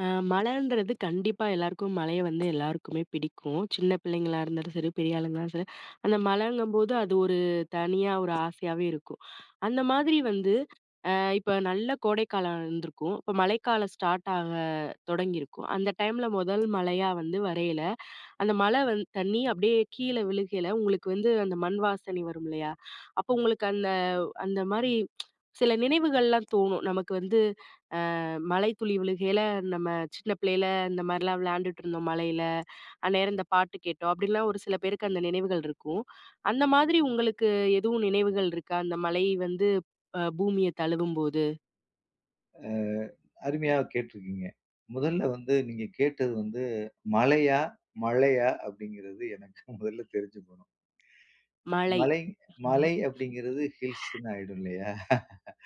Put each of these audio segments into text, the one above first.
அ மழன்றது கண்டிப்பா எல்லாருக்கும் மழைய வந்து எல்லாருக்குமே பிடிக்கும். சின்ன பிள்ளைங்களா இருந்தாலும் சரி, பெரிய ஆளுங்களானாலும் சரி. அந்த மழங்கும்போது அது ஒரு தனியா ஒரு ஆசையாவே இருக்கும். அந்த மாதிரி வந்து, அ இப்ப நல்ல கோடைக்காலம் இருந்திருக்கும். இப்ப மழைக்காலம் ஸ்டார்ட் ஆக தொடங்கிருக்கும். அந்த டைம்ல மொதல் மழையா வந்து வரயில, அந்த மழை வந் தண்ணி அப்படியே கீழ விழுகையில உங்களுக்கு வந்து அந்த மண் வாசனை வருமில்லையா? அப்ப உங்களுக்கு அந்த அந்த மாரி சில நினைவுகள்லாம் தோணும். நமக்கு வந்து, அ மழை துளி விழுகையில நம்ம சின்ன பிள்ளைல இந்த மாரிலாம் விளாண்டுட்டு இருந்தோம் மழைல. அந்நேரம் இந்த பாட்டு கேட்டோம். அப்டின்லாம் ஒரு சில பேருக்கு அந்த நினைவுகள் இருக்கும். அந்த மாதிரி உங்களுக்கு எதுவும் நினைவுகள் இருக்கா? இந்த மழை வந்து அ பூமிய தழுவும்போது. அ அருமையாக கேட்டுருக்கீங்க. முதல்ல வந்து நீங்க கேட்டது வந்து மலையா? மழையா? அப்படிங்கறது எனக்கு முதல்ல தெரிஞ்சுக்கோணும். மழை. மலை [unintelligible] மலை அப்படிங்கறது ஹில்ஸ்ன்னு ஆயிடும் இல்லையா?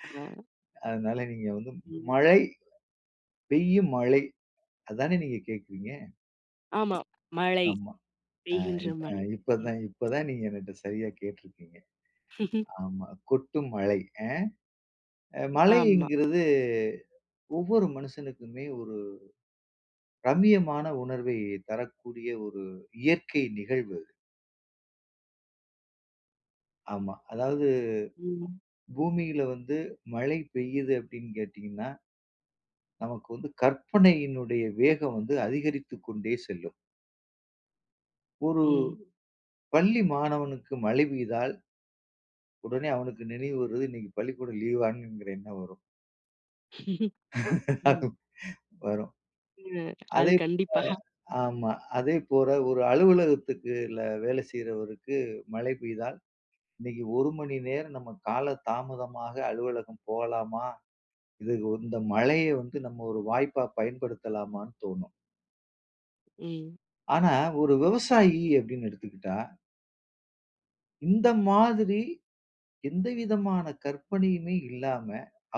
[unintelligible] அதனால நீங்க வந்து ம். மழை, பெய்யும் மழை அதானே நீங்க கேக்குறீங்க? ஆமா. மழை, ஆமா. அ பெய்கின்ற இப் அ மழை. இப்ப ம். தான் இப்ப தான் நீங்க என்னிட்ட சரியா கேட்டிருக்கீங்க. ஆமா கொட்டும் மழை அ அ மழை ஆமா. என்கிறது ஒவ்வொரு மனுஷனுக்குமே ஒரு ரம்மியமான உணர்வை தரக்கூடிய ஒரு இயற்கை நிகழ்வு அது. ஆமா. அதாவது ம். பூமியில வந்து மழை பெய்யுது அப்படின்னு கேட்டீங்கன்னா ...நமக்கு வந்து கற்பனையினுடைய வேகம் வந்து அதிகரித்து கொண்டே செல்லும். ஒரு ம். பள்ளி மாணவனுக்கு மழை பெய்தால் உடனே அவனுக்கு நினைவு வர்றது. "இன்னைக்கு பள்ளிக்கூடம் லீவா?" என்கிற எண்ணம் வரும். ம். வரும். ம் அது அதை இப்ப கண்டிப்பா. ஆமா. அதே போல, ஒரு அலுவலகத்துல வேலை செய்றவருக்கு மழை பெய்தால், இன்னைக்கு 1 மணி நேரம் நம்ம கால தாமதமாக அலுவலகம் போகலாமா? இதுக்கு இந்த மழைய வந்து நம்ம ஒரு வாய்ப்பா பயன்படுத்தலாமான்னு தோணும். ம். ஆனா ஒரு விவசாயி அப்படின்னு எடுத்துகிட்டா இந்த மாதிரி எந்த விதமான கற்பனையுமே இல்லாம,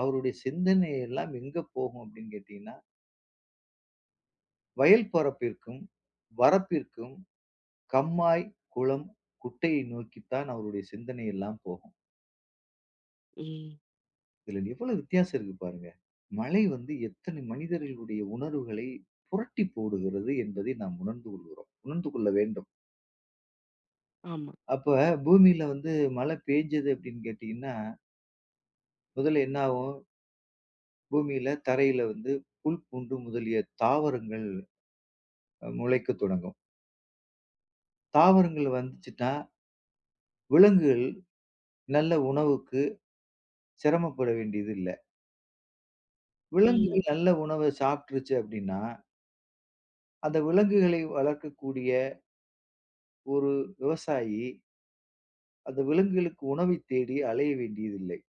அவருடைய சிந்தனை எல்லாம் எங்க போகும் அப்படின்னு கேட்டீங்கன்னா வயல் பரப்பிற்கும், வரப்பிற்கும், கம்மாய், குளம், குட்டையை நோக்கித்தான் அவருடைய சிந்தனை எல்லாம் போகும். ம். இதுல எவ்வளவு வித்தியாசம் இருக்கு பாருங்க! "மழை வந்து எத்தனை மனிதர்களுடைய உணர்வுகளை புரட்டி போடுகிறது." என்பதை நாம் உணர்ந்து கொள்கிறோம். உணர்ந்து கொள்ள வேண்டும். ஆமா. அப்ப பூமியில வந்து மழை பேய்ஞ்சது அப்படின்னு கேட்டீங்கன்னா முதல்ல என்ன ஆவும்? பூமியில தரையில வந்து புல், பூண்டு முதலிய தாவரங்கள் அ முளைக்கத் தொடங்கும். தாவரங்கள் வந்ததுச்சுன்னா ...விலங்குகள் நல்ல உணவுக்கு செரமப்பட வேண்டியது இல்ல. ம். விலங்குகள் நல்ல உணவ சாப்பிட்டுருச்சு அப்டின்னா அந்த விலங்குகளை வளர்க்கக்கூடிய ஒரு விவசாயி அந்த விலங்குகளுக்கு உணவை தேடி அலைய வேண்டியதில்லை.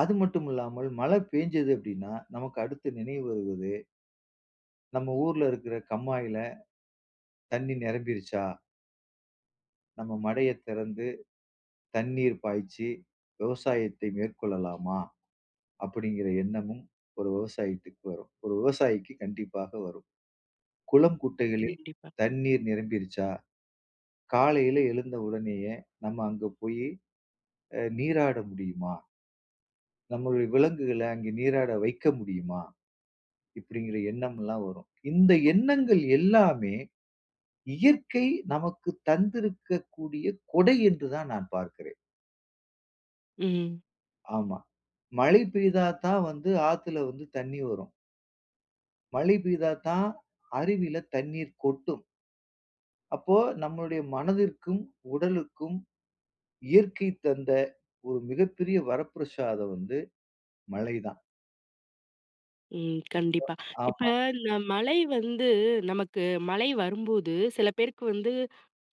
அது மட்டுமில்லாமல் மழை பேஞ்சது அப்படின்னா, நமக்கு அடுத்து நினைவு வருவது நம்ம ஊர்ல இருக்கிற கம்மாயில தண்ணி நிரம்பிருச்சா நம்ம மடையை திறந்து தண்ணீர் பாய்ச்சி, விவசாயத்தை மேற்கொள்ளலாமா? அப்படிங்கிற எண்ணமும் ஒரு விவசாயத்துக்கு வரும். ஒரு விவசாயிக்கு கண்டிப்பாக வரும். குளம் குட்டைகளில் கண்டிப்பா. தண்ணீர் நிரம்பிருச்சா? காலையில எழுந்த உடனேயே நம்ம அங்க போயி அ நீராட முடியுமா? நம்மளுடைய விலங்குகள அங்க நீராட வைக்க முடியுமா? இப்படிங்கிற எண்ணம்ல்லாம் வரும். இந்த எண்ணங்கள் எல்லாமே இயற்கை நமக்கு தந்திருக்கக்கூடிய கொடை என்று தான் நான் பார்க்கிறேன். ம். ஆமா. மழை பெய்தாத்தான் வந்து ஆத்துல வந்து தண்ணி வரும். மழை பெய்தாத்தான் அருவில தண்ணீர் கொட்டும். அப்போ நம்மளுடைய மனதிற்கும், உடலுக்கும் இயற்கை தந்த ஒரு மிகப்பெரிய வரப்பிரஷாதம் வந்து மழை தான். ம். கண்டிப்பா. இப்ப ஆமா. இந்த மழை வந்து நமக்கு மழை வரும்போது சில பேருக்கு வந்து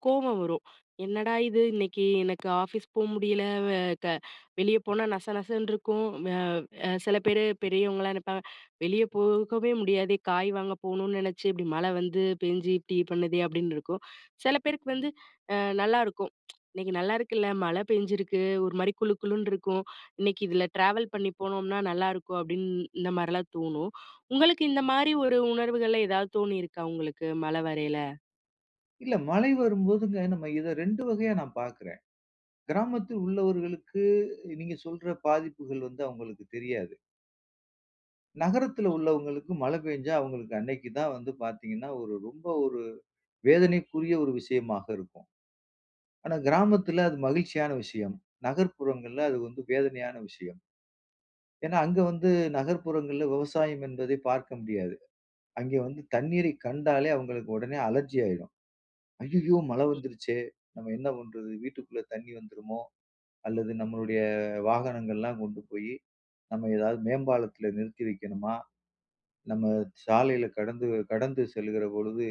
கோவம் வரும். "என்னடா இது இன்னைக்கு எனக்கு ஆஃபீஸ் போ முடியல. வெ க வெளிய போனா நச நசன்னு இருக்கும்." வ அ சில பேரு பெரியவங்கல்லாம் நெனைப்பாங்க, "வெளிய போகவே முடியாதே. காய் வாங்க போகணும்னு நெனச்சு இப்படி மழை வந்து பேஞ்சு, இப்படி பண்ணுதே." அப்படின்னு இருக்கும். சில பேருக்கு வந்து அ நல்லாருக்கும். "இன்னைக்கு நல்லாயிருக்குல்ல! மழை பெஞ்சிருக்கு. ஒரு மாரி குளு குளுன்னு இருக்கும். இன்னைக்கு இதில ட்ராவல் பண்ணி போனோம்னா நல்லாயிருக்கும்." அப்படின்னு இந்த மாதிரிலாம் தோணும். உங்களுக்கு இந்த மாரி ஒரு உணர்வுகள்ல ஏதாவது தோணியிருக்கா உங்களுக்கு மழை வரையில? இல்ல. மழை வரும்போதுங்க நம்ம இத 2 வகையா நான் பார்க்குறேன். கிராமத்தில் உள்ளவர்களுக்கு, நீங்க சொல்ற பாதிப்புகள் வந்து அவங்களுக்கு தெரியாது. நகரத்தில ம். உள்ளவங்களுக்கு மழை பெஞ்சா அவங்களுக்கு அன்னைக்கு தான் வந்து பார்த்தீங்கன்னா, ஒரு ரொம்ப ஒரு வேதனைக்குரிய ஒரு விஷயமாக இருக்கும். ஆனா கிராமத்தில அது மகிழ்ச்சியான விஷயம். நகர்ப்புறங்கள்ல அது வந்து வேதனையான விஷயம். ஏன்னா அங்க வந்து நகர்ப்புறங்கள்ல விவசாயம் என்பதை பார்க்க முடியாது. அங்கே வந்து தண்ணீரைக் கண்டாலே அவங்களுக்கு உடனே அலர்ஜி ஆயிடும். "ஐயயோ! மழை ம். வந்துருச்சே. நம்ம என்ன பண்றது? வீட்டுக்குள்ள தண்ணி வந்துருமோ? அல்லது நம்மளுடைய வாகனங்கள்லாம் கொண்டு போய் நம்ம எதாவது மேம்பாலத்தில நிறுத்தி வைக்கணுமா? நம்ம சாலையில கடந்து கடந்து செல்லுகிற பொழுது,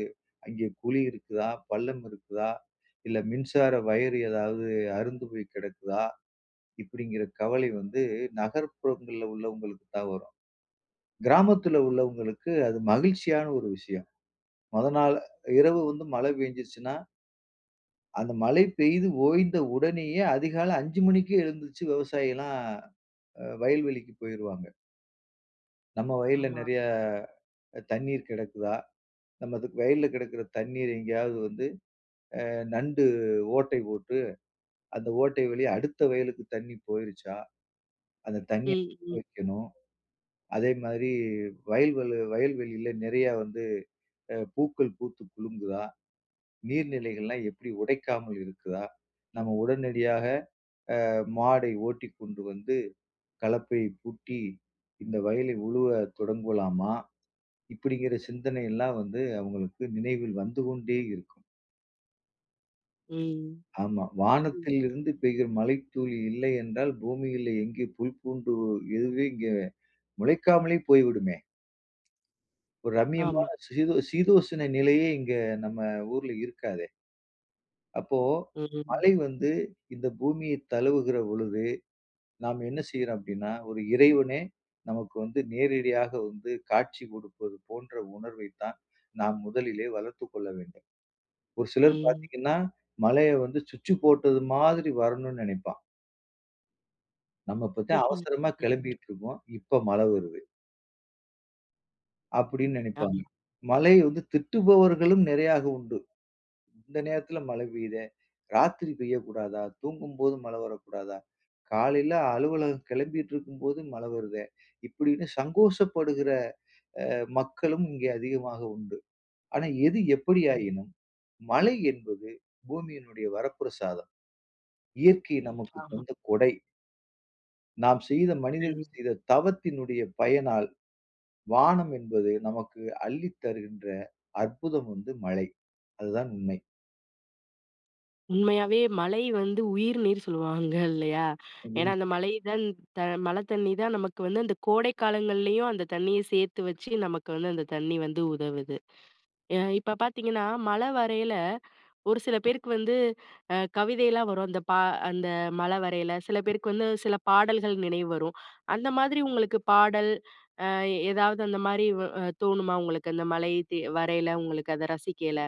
அங்கே குழி இருக்குதா? பள்ளம் இருக்குதா? இல்ல மின்சார வயறு ஏதாவது அறுந்து போய் கிடக்குதா?" இப்படிங்கிற கவலை வந்து நகர்ப்புறங்கள்ல உள்ளவங்களுக்கு தான் வரும். கிராமத்துல உள்ளவங்களுக்கு அது மகிழ்ச்சியான ஒரு விஷயம். முத நாள் இரவு வந்து மழை பெய்ஞ்சுருச்சுனா அந்த மழை பெய்து ஓய்ந்த உடனேயே அதிகாலை 5 மணிக்கே எழுந்துருச்சி விவசாயி எல்லாம் அ வயல்வெளிக்கு போயிருவாங்க. "நம்ம வயல்ல ஆமா. நிறையா தண்ணீர் கிடக்குதா? நம்மது வயல்ல கிடக்கிற தண்ணீர் எங்கேயாவது வந்து அ நண்டு ஓட்டை போட்டு, அந்த ஓட்டை வழியா அடுத்த வயலுக்கு தண்ணி போயிருச்சா? அந்த தண்ணிய ம், [unintelligible] ம் வைக்கணும். அதேமாதிரி வயல்வள வயல்வெளில நிறையா வந்து அ பூக்கள் பூத்து குலுங்குதா? நீர் நிலைகள்லாம் எப்பிடி உடைக்காம இருக்குதா? நம்ம உடனடியாக அ மாடை ஓட்டிக்கொண்டு வந்து, கலப்பையைப் பூட்டி இந்த வயலை உழுவ தொடங்கலாமா?" இப்பிடிங்கிற சிந்தனை எல்லாம் வந்து அவுங்களுக்கு நினைவில் வந்து கொண்டே இருக்கும். ம். ஆமா. வானத்தில் ம். இருந்து பெய்கிற மழைத்துளி இல்லை என்றால், பூமியிலே எங்கே புல் பூண்டு எதுவுமே இங்கே முளைக்காமலே போய்விடுமே! ஒரு ரம்மியமான ஆமா. சீதோ சீதோசன நிலையே இங்க நம்ம ஊர்ல இருக்காதே! அப்போ ம், ம். மழை வந்து இந்த பூமிய தழுவுகிற பொழுது, நாம் என்ன செய்றோம் அப்பிடின்னா, ஒரு இறைவனே! நமக்கு வந்து நேரடியாக வந்து காட்சி கொடுப்பது போன்ற உணர்வை தான், நாம் முதலிலே வளர்த்துக் கொள்ள வேண்டும். ஒரு சிலர் ம். பார்த்தீங்கன்னா, மழையை வந்து சுவிட்சு போட்டது மாதிரி வரணும்னு நினைப்பான். "நம்ம இப்பத்தேன் ம்ஹ்ம். அவசரமா கெளம்பிட்டுருப்போம். இப்ப மழை வருது." அப்படின்னு நெனைப்பாங்க. ஆமா. மழைய வந்து திட்டுபவர்களும் நிறைய உண்டு. "இந்த நேரத்தில மழை பெய்யுதே! ராத்திரி பெய்யக்கூடாதா? தூங்கும்போது மழை வரக்கூடாதா? காலையில அலுவலகம் கெளம்பிட்டுருக்கும்போது மழை வருதே." இப்படின்னு சங்கோஷப்படுகிற, அ மக்களும் இங்கே அதிகமாக உண்டு. ஆனா எது ம். எப்படியாயினும், மழை என்பது பூமியினுடைய வரப்பிரசாதம். இயற்கை நமக்கு ஆமா. தந்த கொடை. நாம் செய்த மனிதர் ம். செய்த தவத்தினுடைய பயனால், வானம் என்பது நமக்கு அள்ளித் தருகின்ற அற்புதம் வந்து மழை. அதுதான் உண்மை. உண்மையாவே மழை வந்து உயிர் நீர் சொல்லுவாங்க இல்லையா? ஏன்னா அந்த [unintelligible] மழை தான் த மழைத் தண்ணி தான் நமக்கு வந்து அந்த கோடை காலங்கள்லேயும், அந்த தண்ணிய சேர்த்து வச்சு நமக்கு வந்து அந்த தண்ணி வந்து உதவுது. எ இப்ப பார்த்தீங்கன்னா, மழ வரையில ஒரு சில பேருக்கு வந்து அ கவிதைலாம் வரும். அந்த பா அந்த மழ வரையில. சில பேருக்கு வந்து சில பாடல்கள் நினைவு வரும். அந்த மாதிரி உங்களுக்கு பாடல், அ ஏதாவது அந்த மாரி வ தோணுமா உங்களுக்கு? அந்த மழை தே வரையில, உங்களுக்கு அத ரசிக்கையில.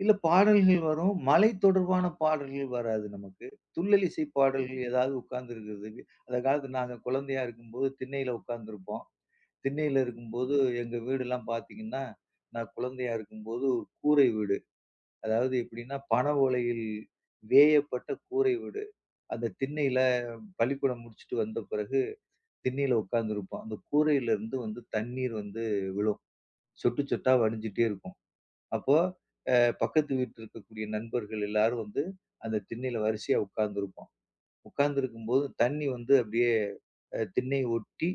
சில பாடல்கள் வரும். மழை தொடர்பான பாடல்கள் வராது நமக்கு. துள்ளலிசை ம். பாடல்கள் ஏதாவது உட்காந்துருக்கிறதுக்கு அந்த காலத்தில நாங்க குழந்தையா இருக்கும்போது, திண்ணையில உட்காந்துருப்போம். திண்ணையில இருக்கும்போது ம். எங்க வீடெல்லாம் பார்த்தீங்கன்னா, நான் குழந்தையா இருக்கும்போது, ஒரு கூரை வீடு. அதாவது எப்படின்னா, பனை ஓலையில் வேயப்பட்ட கூரை வீடு. அந்த திண்ணையில பள்ளிக்கூடம் முடிச்சுட்டு வந்த பிறகு, திண்ணையில உட்காந்துருப்போம். அந்த கூரையிலிருந்து வந்து தண்ணீர் வந்து விழும். சொட்டு சொட்டா வடிஞ்சுட்டே இருக்கும். அப்போ அ பக்கத்து வீட்ல இருக்கக்கூடிய நண்பர்கள் எல்லாரும் வந்து அந்த திண்ணையில வரிசையா உட்காந்துருப்போம். உட்காந்திருக்கும்போது, தண்ணி வந்து அப்படியே அ திண்ணைய ஒட்டி,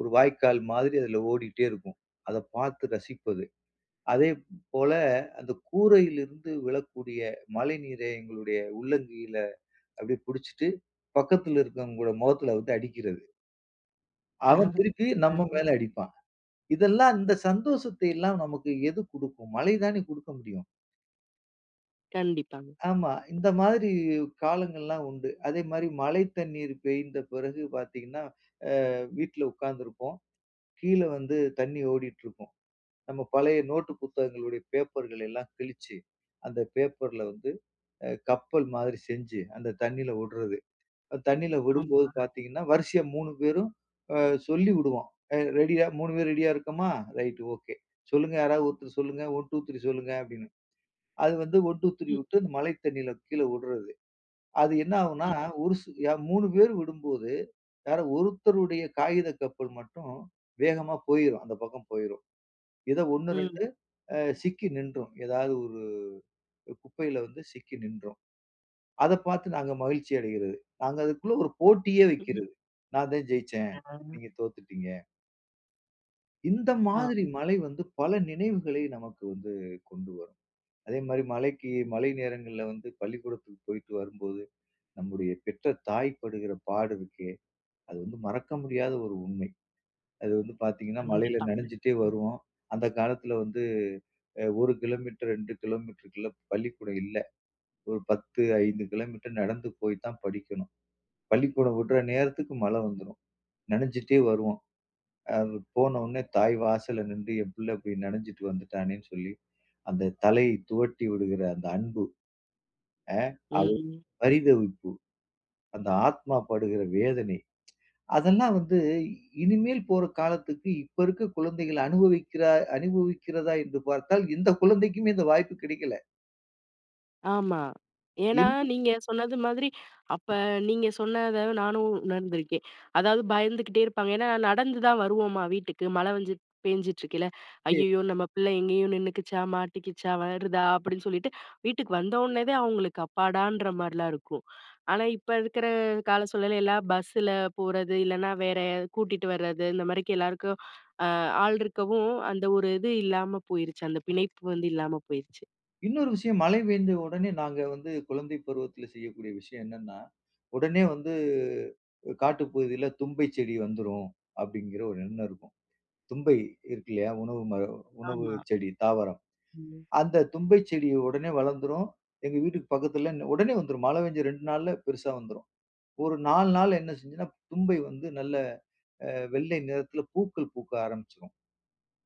ஒரு வாய்க்கால் மாதிரி அதில ஓடிட்டே இருக்கும். அத பார்த்து ரசிப்பது, அதே போல அந்த கூரையிலிருந்து விழக்கூடிய மழைநீரை எங்களுடைய உள்ளங்கையில அப்படியே புடிச்சிட்டு, பக்கத்தில இருக்கவங்களோட மொகத்தில வந்து அடிக்கிறது. அவன் திருப்பி நம்ம அ. மேல அடிப்பான். இதெல்லாம், இந்த சந்தோஷத்தையெல்லாம் நமக்கு எது குடுக்கும்? மழை தானே குடுக்க முடியும். கண்டிப்பாங்க. ஆமா. இந்த மாதிரி காலங்கள்லாம் உண்டு. அதேமாரி மழை தண்ணீர் பெய்ந்த பிறகு பார்த்தீங்கன்னா, அ வீட்ல உட்காந்துருப்போம். கீழ வந்து தண்ணி ஓடிட்டுருக்கும். நம்ம பழைய நோட்டு புத்தகங்களுடைய பேப்பர்களை எல்லாம் கிழிச்சு, அந்த பேப்பர்ல வந்து அ கப்பல் மாதிரி செஞ்சு, அந்த தண்ணியில வுடுறது. அ தண்ணியில விடும்போது ஆமா. பார்த்தீங்கன்னா, வரிசையா 3 பேரும் அ சொல்லி வுடுவோம். "அ ரெடியா? 3 பேர் ரெடியா இருக்கமா? Right okay. சொல்லுங்க யாராவது, ஒருத்தர் சொல்லுங்க, 1, 2, 3, சொல்லுங்க." அப்பிடின்னு. அது வந்து 1, 2, 3 ம். வுட்டு அந்த மழை தண்ணில கீழ வுடுறது. அது என்னாகும்ன்னா, ம். ஒரு சு ய 3 பேரும் விடும்போது, யாரோ ஒருத்தருடைய காகித கப்பல் மட்டும் வேகமா போயிரும். அந்த பக்கம் போயிரும். எதோ 1, 2 ம். அ சிக்கி நின்றும். ஏதாவது 1 குப்பையில வந்து சிக்கி நின்றும். அத பார்த்து நாங்க மகிழ்ச்சி அடையிறது. நாங்க அதுக்குள்ள ஒரு போட்டியே [unintelligible] வைக்கிறது. நான் தான் ஜெயிச்சேன். [unintelligible] நீங்க தோத்துட்டீங்க. இந்த மாதிரி ஆமா. மழை வந்து பல நினைவுகளை நமக்கு வந்து கொண்டு வரும். அதேமாரி மழைக்கு மழை நேரங்கள்ல வந்து பள்ளிக்கூடத்துக்கு போயிட்டு வரும்போது, நம்முடைய பெற்ற தாய் படுகிற பாடு இருக்கே! அது வந்து மறக்க முடியாத ஒரு உண்மை. அது வந்து பார்த்தீங்கன்னா, மழையில கண்டிப்பாங்க. நனைஞ்சிட்டே ம். வருவோம். அந்த காலத்தில வந்து அ 1 கிலோமீட்டர், 2 கிலோமீட்டருக்குள்ள பள்ளிக்கூடம் இல்ல. ஒரு 10, 5 கிலோமீட்டர் நடந்து போய் தான் படிக்கணும். பள்ளிக்கூடம் வுடுற நேரத்துக்கு மழை வந்துரும். நனஞ்சிட்டே வருவோம். அது போனவுன்ன தாய் வாசல்ல நின்று, என் பிள்ள இப்படி நனைஞ்சிட்டு வந்துட்டானேன்னு சொல்லி, அந்த தலையை துவட்டி விடுகிற அந்த அன்பு அ [unintelligible] ம். பரிதவிப்பு, அந்த ஆத்மா படுகிற வேதனை, அதெல்லாம் வந்து இனிமேல் போற காலத்துக்கு இப்ப இருக்க குழந்தைகள் அனுபவிக்கிற அனுபவிக்கிறதா? என்று பார்த்தால், எந்த குழந்தைக்குமே இந்த வாய்ப்பு கிடைக்கல. ஆமா. ஏன்னா இந்து நீங்க சொன்னது மாதிரி, அப்ப நீங்க சொன்னதை நானும் உணர்ந்துருக்கேன். அதாவது பயந்துகிட்டே இருப்பாங்க. ஏன்னா நடந்து தான் வருவோமா வீட்டுக்கு, மழை வந்து பேஞ்சிட்டு இருக்கயில. சரி. "ஐயயோ! நம்ம பிள்ளை எங்கேயும் நின்னுக்கிச்சா? மாட்டிக்கிச்சா? வருதா?" அப்படின்னு சொல்லிட்டு, வீட்டுக்கு வந்த ஒன்னே தான் அவங்களுக்கு அப்பாடான்ற மாரில்லாம் இருக்கும். ஆனா இப்ப இருக்கிற கால சூழல்ல எல்லாம் பஸ்ஸுல போறது, இல்லைனா வேற கூட்டிட்டு வரது இந்த மாதிரி எல்லாருக்கும் அ ஆள் இருக்கவும், அந்த ஒரு இது இல்லாம போயிருச்சு. அந்த பிணைப்பு வந்து இல்லாம போயிருச்சு. இன்னொரு விஷயம், மழை பெய்ந்த உடனே நாங்க வந்து குழந்தை பருவத்தில செய்யக்கூடிய விஷயம் என்னன்னா "உடனே வந்து காட்டு பகுதியில தும்பைச் செடி வந்துரும்" அப்படிங்கிற ஒரு எண்ணம் இருக்கும். தும்பை இருக்கு இல்லையா? உணவு மர உணவு ஆமா. செடி, தாவரம். ம். அந்த தும்பைச் செடி உடனே வளர்ந்துரும். எங்க வீட்டுக்கு பக்கத்தில உடனே வந்துரும். மழை பெஞ்ச 2 நாள்ல பெருசா வந்துரும். ஒரு 4 நாள்ல என்ன செஞ்சுருன்னா தும்பை வந்து நல்ல அ வெள்ளை நிறத்தில பூக்கள் பூக்க ஆரம்பிச்சுரும்.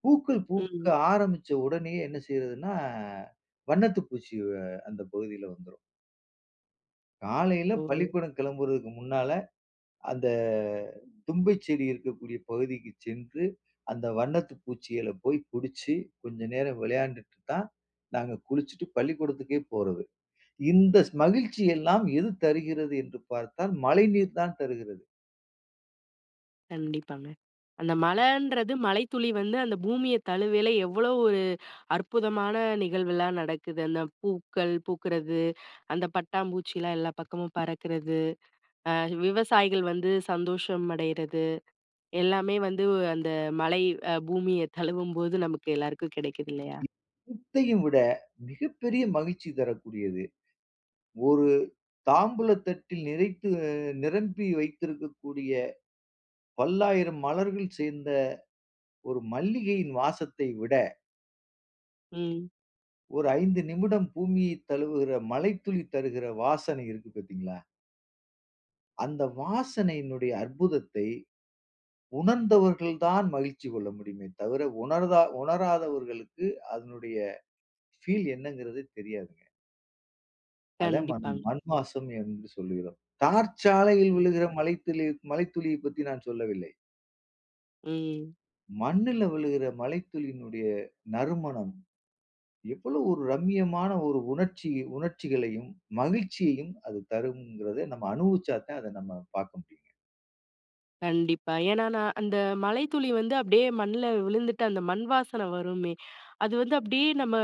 பூக்கள் பூக்க ம். ஆரம்பிச்ச உடனேயே என்ன செய்றதுன்னா வண்ணத்து பூச்சி வ அந்த பகுதியில வந்துரும். காலையில ஓ. பள்ளிக்கூடம் கிளம்புறதுக்கு முன்னால, அந்த தும்பைச் செடி இருக்கக்கூடிய பகுதிக்கு சென்று, அந்த வண்ணத்து பூச்சிகள போய் புடிச்சு, கொஞ்சம் நேரம் விளையாண்டுட்டு தான் நாங்க குளிச்சுட்டு, பள்ளிக்கூடத்துக்கே போறது. இந்த ஸ் மகிழ்ச்சியெல்லாம் எது தருகிறது என்று பார்த்தால், மழைநீர் தான் தருகிறது. கண்டிப்பாங்க. அந்த மழைன்றது மழைத்துளி வந்து அந்த பூமிய தழுவேல, எவ்வளவு ஒரு அற்புதமான நிகழ்வுலாம் நடக்குது. அந்த பூக்கள் பூக்குறது, அந்த பட்டாம்பூச்சிலா எல்லா பக்கமும் பறக்குறது, அ விவசாயிகள் வந்து சந்தோஷம் அடையுறது, எல்லாமே வந்து, அந்த மழை அ பூமிய தழுவும்போது நமக்கு எல்லாருக்கும் கிடைக்குது இல்லயா? குத்தையும் விட மிகப்பெரிய மகிழ்ச்சி தரக்கூடியது. ஒரு தாம்பூல தட்டில் நிறைத்து அ நிரம்பி வைத்திருக்கக்கூடிய பல்லாயிரம் மலர்கள் சேர்ந்த ஒரு மல்லிகையின் வாசத்தை விட ம். ஒரு 5 நிமிடம் பூமியை தழுவுற மழைத்துளி தருகிற வாசனை இருக்கு பாத்தீங்களா? அந்த வாசனையினுடைய அற்புதத்தை, உணர்ந்தவர்கள் தான் மகிழ்ச்சி கொள்ள முடியுமே தவிர, உணர்தா உணராதவர்களுக்கு அதனுடைய, ஃபீல் என்னங்கிறதே தெரியாதுங்க. அதான் மண் கண்டிப்பாங்க. மண் மாசம் என்று சொல்கிறோம். தார் சாலையில் ம். விழுகிற மழைத்துளி மழைத்துளியை பத்தி நான் சொல்லவில்லை. ம். மண்ணுல விழுகிற மழைத்துளினுடைய, நறுமணம். எவ்வளோ ஒரு ரம்மியமான ஒரு உணர்ச்சி உணர்ச்சிகளையும், மகிழ்ச்சியையும் அது தரும்ங்கிறத, நம்ம அனுபவிச்சா தான் அத நம்ம பார்க்க முடியும்ங்க. கண்டிப்பா. ஏன்னா, நான் அந்த, மழைத்துளி வந்து அப்படியே மண்ணுல விழுந்துட்டு, அந்த மண் வாசனை வருமே? அது வந்து அப்படியே நம்ம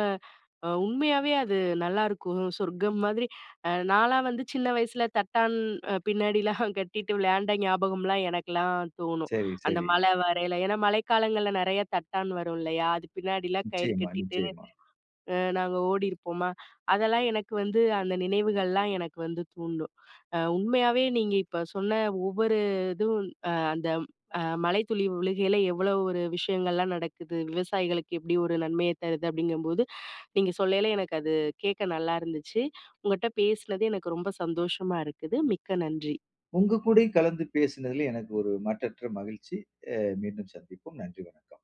அ, உண்மையாவே அது நல்லாருக்கும், சொர்க்கம் மாதிரி. அ நான்லாம் வந்து சின்ன வயசுல தட்டான், அ பின்னாடிலாம் கட்டிட்டு விளையாண்ட ஞாபகம்லாம், எனக்குலாம் தோணும். சரி, அந்த சரி. மழை வரையில. ஏன்னா, மழைக்காலங்கள்ல நிறையா தட்டான் வரும் இல்லயா? அது பின்னாடிலாம் கயிறு நிச்சயமா, கட்டிட்டு, நிச்சயமா. அ நாங்க ஓடியிருப்போமா! அதெல்லாம் எனக்கு வந்து, அந்த நினைவுகள்லாம் எனக்கு வந்து தூண்டும். அ உண்மையாவே நீங்க இப்ப சொன்ன ஒவ்வொரு இதுவும் "அ அந்த அ மழை துளி விழுகையில, எவ்வளவு ஒரு விஷயங்கள்லாம் நடக்குது. விவசாயிகளுக்கு எப்பிடி ஒரு நன்மைய தருது", அப்படிங்கும்போது, நீங்க சொல்லைல எனக்கு அது, கேட்க நல்லாயிருந்துச்சு. உங்கட்ட பேசுனது எனக்கு ரொம்ப சந்தோஷமா இருக்குது. மிக்க நன்றி. உங்க கூடயும் கலந்து பேசுனதுல எனக்கு ஒரு, மட்டற்ற மகிழ்ச்சி. அ, மீண்டும் சந்திப்போம். நன்றி வணக்கம்.